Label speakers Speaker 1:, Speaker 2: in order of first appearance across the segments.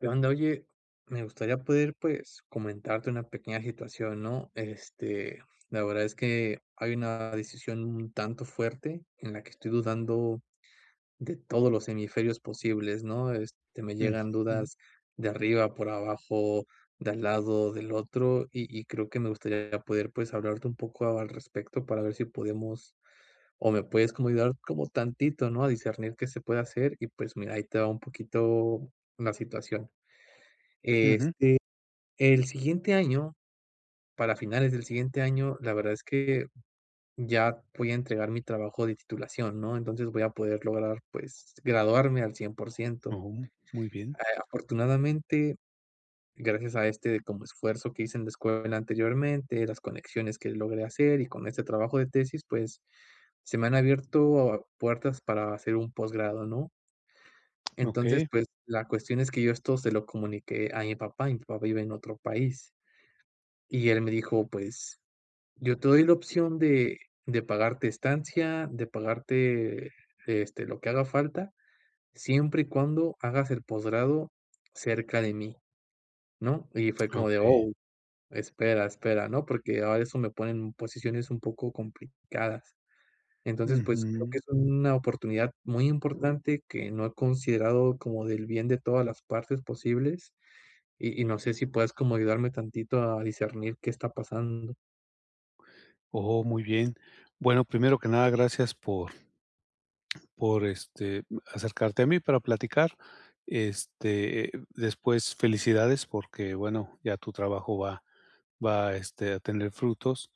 Speaker 1: ¿Qué onda? Oye, me gustaría poder, pues, comentarte una pequeña situación, ¿no? Este, la verdad es que hay una decisión un tanto fuerte en la que estoy dudando de todos los hemisferios posibles, ¿no? Este, me llegan
Speaker 2: Ujú.
Speaker 1: dudas de arriba, por abajo, de al lado, del otro y y creo que me gustaría poder, pues, hablarte un poco al respecto para ver si podemos, o me puedes como ayudar como tantito, ¿no?, a discernir que se puede hacer y, pues, mira, ahí te va un poquito la situación.
Speaker 2: Ujú.
Speaker 1: Este, el siguiente año, para finales del siguiente año, la verdad es que ya voy a entregar mi trabajo de titulación, ¿no? Entonces, voy a poder lograr, pues, graduarme al cien por ciento,
Speaker 2: Oh, muy bien.
Speaker 1: eh, afortunadamente, gracias a este como esfuerzo que hice en la escuela anteriormente, las conexiones que logré hacer, y con este trabajo de tesis, pues, se me han abierto puertas para hacer un posgrado, ¿no? Entonces,
Speaker 2: Okey.
Speaker 1: pues, la cuestión es que yo esto se lo comuniqué a mi papá, y mi papá vive en otro país. Y él me dijo: "Pues, yo te doy la opción de de pagarte estancia, de pagarte, este, lo que haga falta, siempre y cuando hagas el posgrado cerca de mí", ¿no? Y fue como de,
Speaker 2: Okey.
Speaker 1: oh, espera, espera, ¿no?, porque ahora eso me ponen posiciones un poco complicadas. Entonces, pues, creo
Speaker 2: Ujú.
Speaker 1: que es una oportunidad muy importante que no he considerado como del bien de todas las partes posibles, y y no sé si puedas como ayudarme tantito a discernir qué está pasando.
Speaker 2: Oh, muy bien. Bueno, primero que nada, gracias por por, este, b acercarte a mí para platicar, este, eh, después felicidades porque bueno, ya tu trabajo va va, este, a tener frutos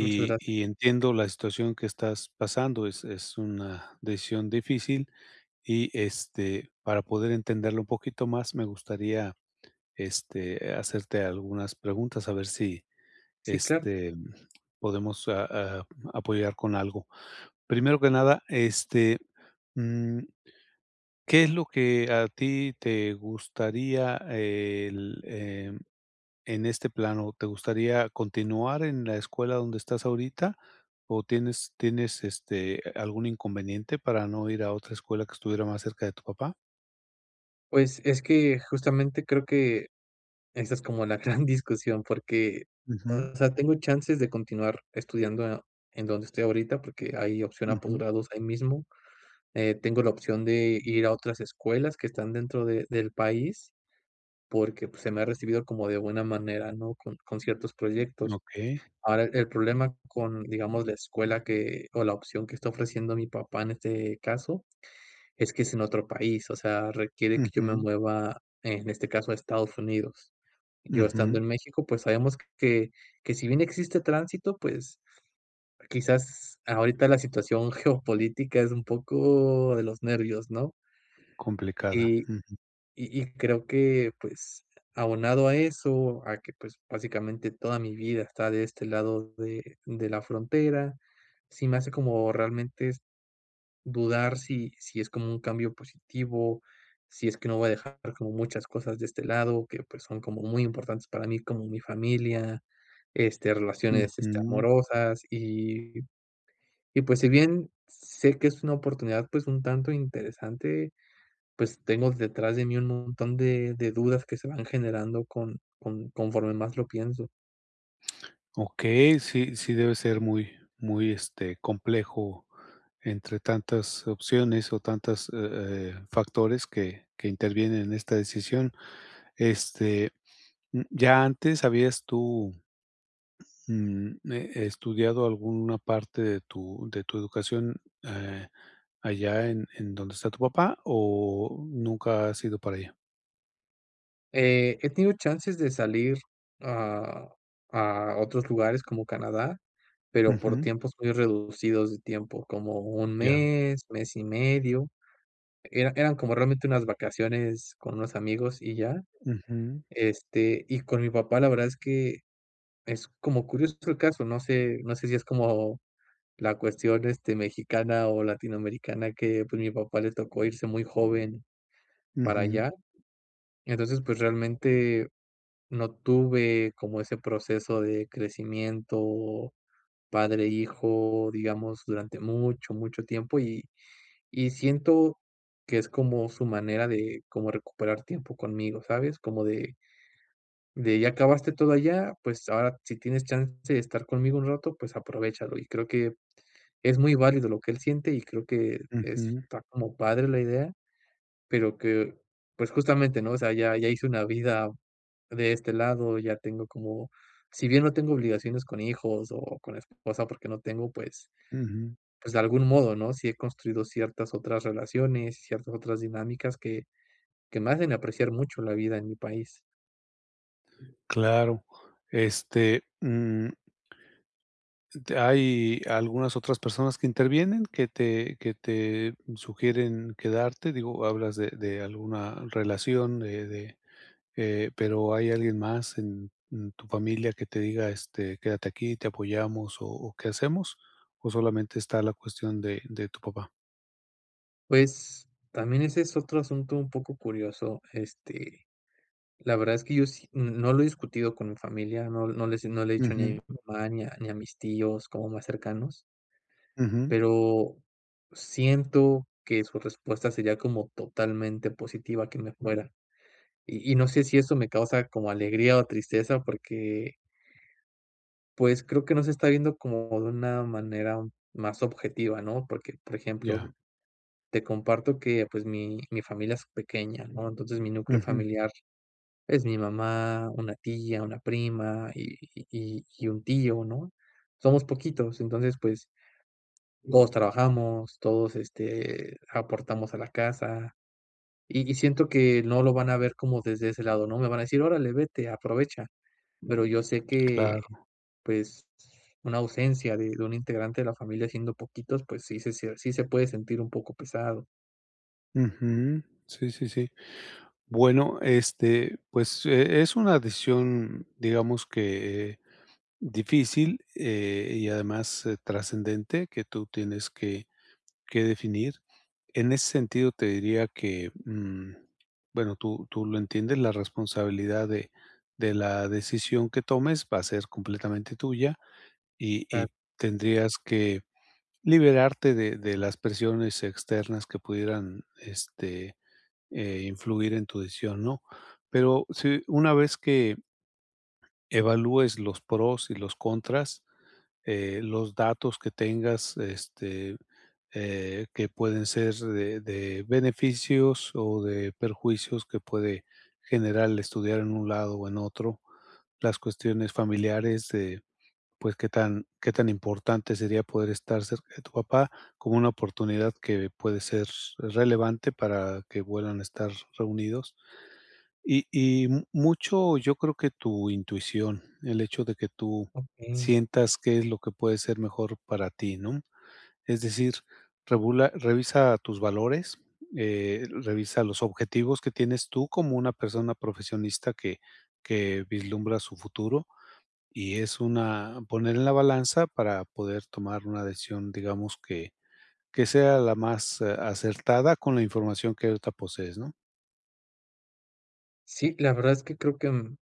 Speaker 1: Muchas gracias.
Speaker 2: y entiendo la situación que estás pasando, es es una decisión difícil y este, para poder entenderlo un poquito más, me gustaría, este, hacerte algunas preguntas a ver si,
Speaker 1: Sí, claro.
Speaker 2: este, podemos a a mm, apoyar con algo. Primero que nada, este, mm, ¿qué es lo que a ti te gustaría el, em, en este plano, te gustaría continuar en la escuela donde estás ahorita o tienes tienes, este, algún inconveniente para no ir a otra escuela que estuviera más cerca de tu papá?
Speaker 1: Pues, es que justamente creo que esa es como la gran discusión porque,
Speaker 2: Ujú.
Speaker 1: o sea, tengo chances de continuar estudiando en donde estoy ahorita porque hay opción a
Speaker 2: Ujú.
Speaker 1: posgrados ahí mismo, eh, tengo la opción de ir a otras escuelas que están dentro de del país porque, pues, se me ha recibido como de buena manera, ¿no?, con con ciertos proyectos.
Speaker 2: Okey.
Speaker 1: Ahora, el problema con, digamos, la escuela que o la opción que está ofreciendo mi papá en este caso es que es en otro país, o sea, requiere que yo me
Speaker 2: Ujú.
Speaker 1: mueva, en este caso, a Estados Unidos. Yo estando
Speaker 2: Ujú.
Speaker 1: en México, pues, sabemos que que, si bien existe tránsito, pues, quizás ahorita la situación geopolítica es un poco de los nervios, ¿no?
Speaker 2: Complicada,
Speaker 1: y
Speaker 2: ujú.
Speaker 1: y y creo que, pues, abonado a eso, a que, pues, básicamente toda mi vida está de este lado de de la frontera, sí me hace como realmente s dudar si si es como un cambio positivo, si es que no voy a dejar como muchas cosas de este lado que, pues, son como muy importantes para mí, como mi familia, este, relaciones, este,
Speaker 2: Ujú.
Speaker 1: amorosas y y, pues, si bien sé que es una oportunidad, pues, un tanto interesante, pues, tengo detrás de mí un montón de de dudas que se me van generando con con conforme más lo pienso.
Speaker 2: Okey, sí, sí, debe ser muy, muy, este, complejo entre tantas opciones o tantas, eh eh, factores que que intervienen en esta decisión. Este, mm, ¿ya antes habías tú, ujú, eh, estudiado alguna parte de tu de tu educación, eh, allá en en donde está tu papá, o nunca has ido para allá?
Speaker 1: Eh, he tenido chances de salir a a otros lugares como Canadá, pero, por
Speaker 2: Ujú.
Speaker 1: tiempos muy reducidos de tiempo, como 1
Speaker 2: Ya.
Speaker 1: mes, mes y medio, era eran como realmente unas vacaciones con unos amigos y ya.
Speaker 2: Ujú.
Speaker 1: Este, y con mi papá, la verdad es que es como curioso el caso. No sé, no sé si es como la cuestión, este, mexicana o latinoamericana que, pues, mi papá le tocó irse muy joven para
Speaker 2: Ujú.
Speaker 1: allá. Entonces, pues, realmente, no tuve como ese proceso de crecimiento, padre e hijo, digamos, durante mucho, mucho tiempo, y y siento que es como su manera de, como recuperar tiempo conmigo, ¿sabes?, como de de, ya acabaste todo allá, pues ahora, si tienes chance de estar conmigo un rato, pues, aprovéchalo, y creo que es muy válido lo que él siente y creo que
Speaker 2: Ujú.
Speaker 1: está como padre la idea, pero que, pues, justamente, ¿no?, o sea, ya ya hice una vida de este lado. Ya tengo como, si bien no tengo obligaciones con hijos o con esposa, porque no tengo, pues,
Speaker 2: Ujú.
Speaker 1: pues de algún modo, ¿no?, sí he construido ciertas otras relaciones y ciertas otras dinámicas que que me hacen apreciar mucho la vida en mi país.
Speaker 2: Claro, este, mm. ¿Hay algunas otras personas que intervienen, que te que te sugieren quedarte?, digo, hablas de de alguna relación de de eh, pero, hay alguien más en en tu familia que te diga: "Este, quédate aquí, te apoyamos, ¿o qué hacemos?" ¿O solamente está la cuestión de de tu papá?
Speaker 1: Pues, también ese es otro asunto un poco curioso, este, la verdad es que yo sí n no lo he discutido con mi familia, no no le no le he dicho ni a
Speaker 2: Ujú.
Speaker 1: mi mamá, ni a ni a mis tíos como más cercanos.
Speaker 2: Ujú.
Speaker 1: Pero, siento que su respuesta sería como totalmente positiva que me fuera, y y no sé, si eso me causa como alegría o tristeza porque pues, creo que no se está viendo como de una manera más objetiva, ¿no?, porque, por
Speaker 2: Ya.
Speaker 1: ejemplo, te comparto que, pues, mi mi familia es pequeña, ¿no?, entonces, mi núcleo
Speaker 2: Ujú.
Speaker 1: familiar es mi mamá, una tía, una prima y y y y un tío, ¿no?, somos poquitos, entonces, pues, todos trabajamos, todos, este, aportamos a la casa, y y siento que no lo van a ver como desde ese lado, ¿no?, me van a decir: "Órale, vete, aprovecha", pero, yo sé que,
Speaker 2: Claro.
Speaker 1: pues, una ausencia de de un integrante de la familia, siendo poquitos, pues, sí, se sí, se puede sentir un poco pesado.
Speaker 2: Ujú. Sí, sí, sí. Bueno, este, pues, e es una decisión, digamos que difícil, eh, y además trascendente, que tú tienes que que definir, en ese sentido te diría que, mm, bueno, tú tú lo entiendes, la responsabilidad de de la decisión que tomes va a ser completamente tuya, y
Speaker 1: Ta
Speaker 2: y tendrías que liberarte de de las presiones externas que pudieran, este, eh, influir en tu decisión, ¿no?, pero, sí una vez que, evalúes los pros y los contras, eh, los datos que tengas, este, eh, que pueden ser de de beneficios, o de perjuicios que puede generar estudiar en un lado o en otro, las cuestiones familiares de, pues, que tan que tan importante sería poder estar cerca de tu papá, como una oportunidad que puede ser relevante para que vuelvan a estar reunidos. Y y m mucho, yo creo que tu intuición, el hecho de que tú
Speaker 1: Okey.
Speaker 2: sientas qué es lo que puede ser mejor para ti, ¿no?, es decir, regula revisa tus valores, eh, revisa los objetivos que tienes tú como una persona profesionista que que vislumbra su futuro, y es una poner en la balanza para poder tomar una decisión digamos, que que sea la más, eh, acertada con la información que ahorita posees, ¿no?
Speaker 1: Sí, la verdad es que creo que, mm,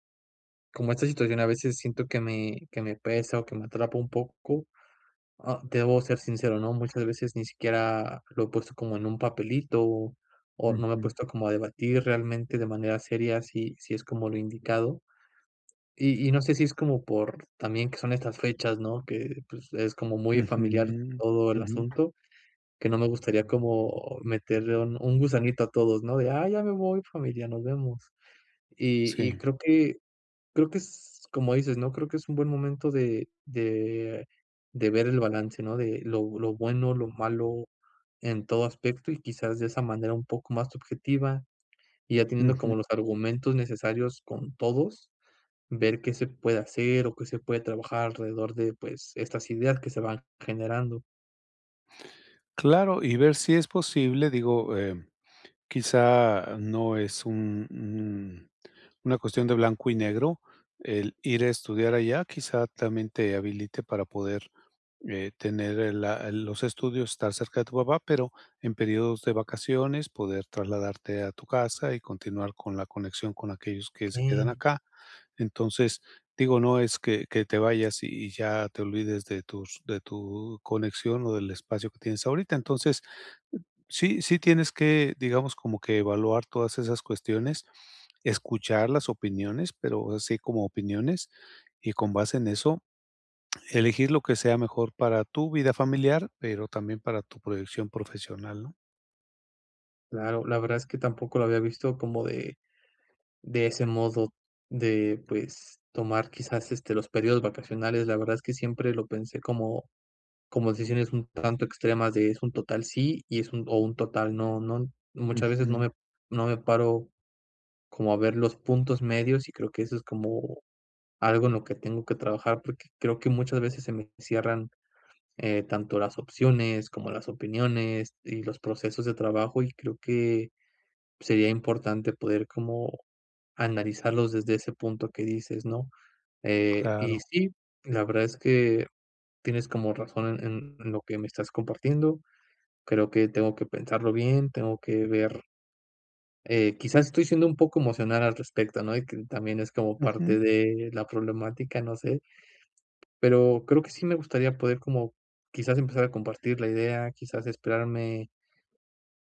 Speaker 1: como esta situación a veces siento que me que me pesa o que me atrapa un poco, ah, debo ser sincero, ¿no?, muchas veces ni siquiera lo he puesto como en un papelito, o no me he
Speaker 2: Ujú.
Speaker 1: puesto como a debatir realmente de manera seria si si es como lo indicado, y y no sé si es como por también que son estas fechas, ¿no?, que pues, es como muy familiar
Speaker 2: Ujú,
Speaker 1: todo el
Speaker 2: ujú.
Speaker 1: asunto que no me gustaría como meterle un un gusanito a todos, ¿no?, de, ah, ya me voy familia, nos vemos y y
Speaker 2: Sí.
Speaker 1: creo que creo que es como dices, ¿no?, creo que es un buen momento de de de ver el balance, ¿no?, de lo lo bueno, lo malo en todo aspecto y quizás de esa manera un poco más subjetiva, y ya teniendo
Speaker 2: Ujú.
Speaker 1: como los argumentos necesarios con todos, ver qué se puede hacer o qué se puede trabajar alrededor de, pues, estas ideas que se van generando.
Speaker 2: Claro, y ver si es posible, digo, eh, quizá no es un un una cuestión de blanco y negro, el ir a estudiar allá, quizá también te habilite para poder, eh, tener el la el los estudios, estar cerca de tu papá, pero en períodos de vacaciones poder trasladarte a tu casa y continuar con la conexión con aquellos que se quedan
Speaker 1: Okey.
Speaker 2: acá, entonces, digo, no es que que te vayas y y ya te olvides de tus de tu conexión o del espacio que tienes ahorita, entonces, sí sí, tienes que digamos como que evaluar todas esas cuestiones, escuchar las opiniones, pero así como opiniones, y con base en eso, elegir lo que sea mejor para tu vida familiar, pero también para tu proyección profesional, ¿no?
Speaker 1: Claro. La verdad es que tampoco lo había visto como de de ese modo de, pues, tomar quizás, este, los periodos vacacionales, la verdad es que siempre lo pensé como como decisiones un tanto extremas de es un total sí y es un o un total no, ¿no? Muchas veces no
Speaker 2: Ujú.
Speaker 1: me no me paro como a ver los puntos medios, y creo que eso es como algo en lo que tengo que trabajar, porque creo que muchas veces se me cierran, eh, tanto las opciones, como las opiniones, y los procesos de trabajo, y creo que sería importante poder como analizarlos desde ese punto que dices, ¿no?, eh,
Speaker 2: Claro.
Speaker 1: y sí, la verdad es que tienes como razón en en lo que me estás compartiendo. Creo que tengo que pensarlo bien. Tengo que ver eh, quizás estoy siendo un poco emocional al respecto, ¿no? Y que también es como
Speaker 2: Ujú.
Speaker 1: parte de la problemática, no sé. Pero creo que sí me gustaría poder como quizás empezar a compartir la idea, quizás esperarme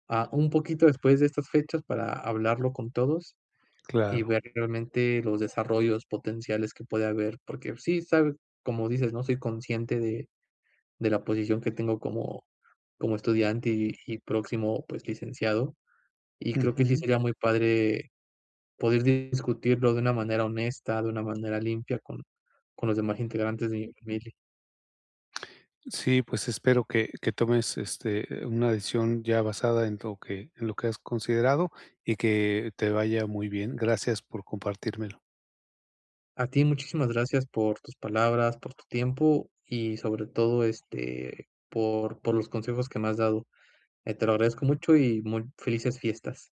Speaker 1: a un poquito después de estas fechas para hablarlo con todos, y
Speaker 2: Claro.
Speaker 1: ver realmente los desarrollos potenciales que puede haber, porque sí sabes, como dices, ¿no?, soy consciente de de la posición que tengo como como estudiante, y y próximo, pues, licenciado, y creo que sí
Speaker 2: Ujú.
Speaker 1: sería muy padre poder discutirlo de una manera honesta, de una manera limpia con con los demás integrantes de mi familia.
Speaker 2: Sí, pues espero que que tomes, este, una decisión ya basada en lo que en lo que has considerado, y que te vaya muy bien. Gracias por compartírmelo.
Speaker 1: A ti. Muchísimas gracias por tus palabras, por tu tiempo y sobre todo, este, por por los consejos que me has dado, eh, te lo agradezco mucho y muy felices fiestas.